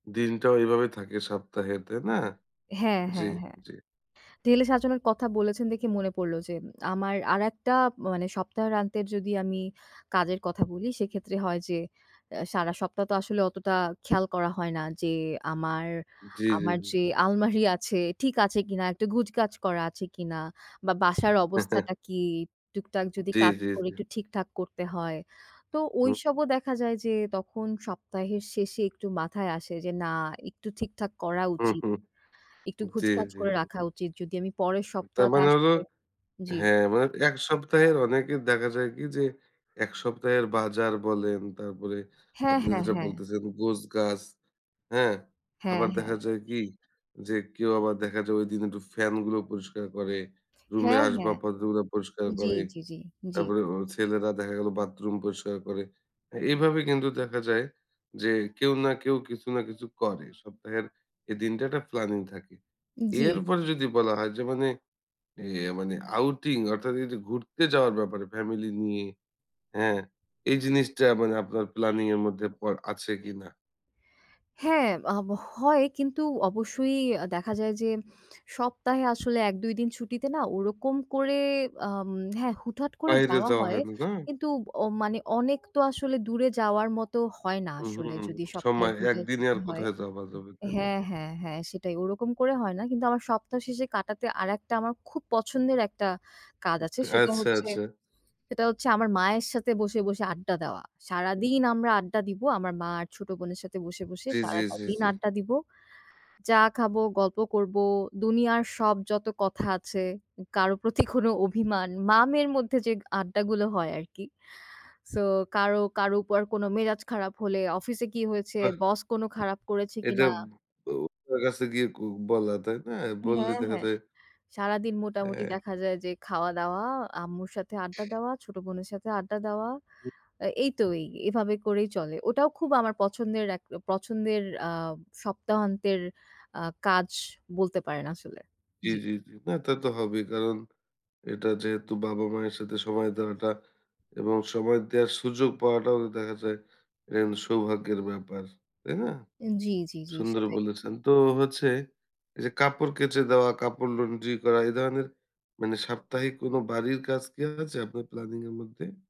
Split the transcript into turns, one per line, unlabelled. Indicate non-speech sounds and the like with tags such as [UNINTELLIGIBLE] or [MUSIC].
দিনটা ওইভাবে থাকে সপ্তাহে, তাই না?
হ্যাঁ,
জি,
হ্যাঁ, হ্যাঁ।
জি।
ঢেলে সাজানোর কথা বলেছেন দেখে মনে পড়লো যে, আমার আরেকটা মানে সপ্তাহান্তের যদি আমি কাজের কথা বলি, সেইক্ষেত্রে হয় যে, অ্যা সারা সপ্তাহ তো আসলে অতটা খেয়াল করা হয় না যে, আমার,
জি, জি,
আমার
জি।
যে আলমারি আছে, ঠিক আছে কিনা? একটু গোছগাছ করা আছে কিনা? বা বাসার
[CHUCKLES]
অবস্থাটা কী? টুকটাক যদি
জি,
কাজ
জি,
করে
জি।
একটু ঠিকঠাক করতে হয়। তো
হুম, হুম।
ওইসবও দেখা যায় যে, তখন সপ্তাহের শেষে একটু মাথায় আসে যে, না, একটু ঠিকঠাক করা
হুম,
উচিত।
হুম।
একটু
জি,
গোছগাছ
জি,
করে
জি।
রাখা উচিত যদি আমি পরের
তার
সপ্তাহতে
মানে হলো,
আসলে, জি।
হ্যাঁ, মানে ১ সপ্তাহের অনেকের দেখা যায় কী যে, ১ সপ্তাহের বাজার বলেন, তারপরে
হ্যাঁ,
আপনি
হ্যাঁ,
যেটা
হ্যাঁ।
বলতেছেন, গোছগাছ, হ্যাঁ?
হ্যাঁ,
আবার
হ্যাঁ।
দেখা যায় কী যে, কেউ আবার দেখা যায় ওই দিন একটু ফ্যানগুলো পরিষ্কার করে, রুমের
হ্যাঁ, হ্যাঁ।
আসবাবপত্রগুলা পরিষ্কার
জি,
করে।
জি, জি, জি।
তারপরে ও ছেলেরা দেখা গেল বাথরুম পরিষ্কার করে। হ্যাঁ, এভাবে কিন্তু দেখা যায় যে, কেউ না কেউ, কিছু না কিছু করে, সপ্তাহের এই দিনটা একটা প্ল্যানিং থাকে।
জি।
এরপরে যদি বলা হয় যে মানে, এ মানে outing, অর্থাৎ এই যে ঘুরতে যাওয়ার ব্যাপারে family নিয়ে, হ্যাঁ, এই জিনিসটা মানে আপনার প্ল্যানিং এর মধ্যে পর আছে কিনা?
হ্যাঁ, আব হয়, কিন্তু অবশ্যই দেখা যায় যে সপ্তাহে আসলে ১-২ দিন ছুটিতে না ওরকম করে আম হ্যাঁ, হুটহাট করে
বাইরে
যাওয়া
যাওয়া
হয়।
হয় না, না?
কিন্তু অ মানে অনেক তো আসলে দূরে যাওয়ার মতো হয় না
উম
আসলে
হুম,
যদি সপ্তাহে
সময়
২ টা
একদিনে
ছুটি
আর
হয়।
কোথায় যাওয়া যাবে, তাই না?
হ্যাঁ, হ্যাঁ, হ্যাঁ সেটাই ওরকম করে হয় না। কিন্তু আমার সপ্তাহ শেষে কাটাতে আরেকটা আমার খুব পছন্দের একটা কাজ
উম
আছে, সেটা
আচ্ছা,
হচ্ছে,
আচ্ছা।
সেটা হচ্ছে আমার মায়ের সাথে বসে, বসে আড্ডা দেওয়া।
উম
সারাদিন আমরা আড্ডা দিবো, আমার মা আর ছোট বোনের সাথে বসে, বসে
জি, জি,
সারাটা
জি,
দিন
জি।
আড্ডা দিব। চা খাব, গল্প করব, দুনিয়ার সব যত কথা আছে, কারো প্রতি কোনো অভিমান, মা-মেয়ের মধ্যে যে আড্ডাগুলো হয় আরকি। So, কারো, কারো উপর কোনো মেজাজ খারাপ হলে, অফিসে কী হয়েছে?
বাহ!
বস কোনো খারাপ করেছে
এটা
কিনা?
[UNINTELLIGIBLE] কাছে গিয়ে ক বলা, তাই না? বললে
হ্যাঁ,
দেখা
হ্যাঁ।
যায়
সারাদিন মোটামুটি
অ্যা
দেখা যায় যে খাওয়া-দাওয়া, আম্মুর সাথে আড্ডা দেওয়া, ছোট বোনের সাথে আড্ডা দেওয়া, অ্যা এই তো এই, এভাবে করেই চলে। ওটাও খুব আমার পছন্দের এক পছন্দের আ সপ্তাহান্তের আ কাজ বলতে পারেন আসলে,
জি,
জি।
জি, জি। না, তা তো হবেই, কারণ এটা যেহেতু বাবা-মায়ের সাথে সময় দেওয়াটা এবং সময় দেয়ার সুযোগ পাওয়াটাও তো দেখা যায় এটা কিন্তু সৌভাগ্যের ব্যাপার, তাই না?
জি, জি, জি।
সুন্দর
সেটাই।
বলেছেন। তো হচ্ছে এই যে কাপড় কেচে দেওয়া, কাপড় laundry করা, এই ধরনের, মানে সাপ্তাহিক কোনো বাড়ির কাজ কি আছে আপনার প্ল্যানিং এর মধ্যে?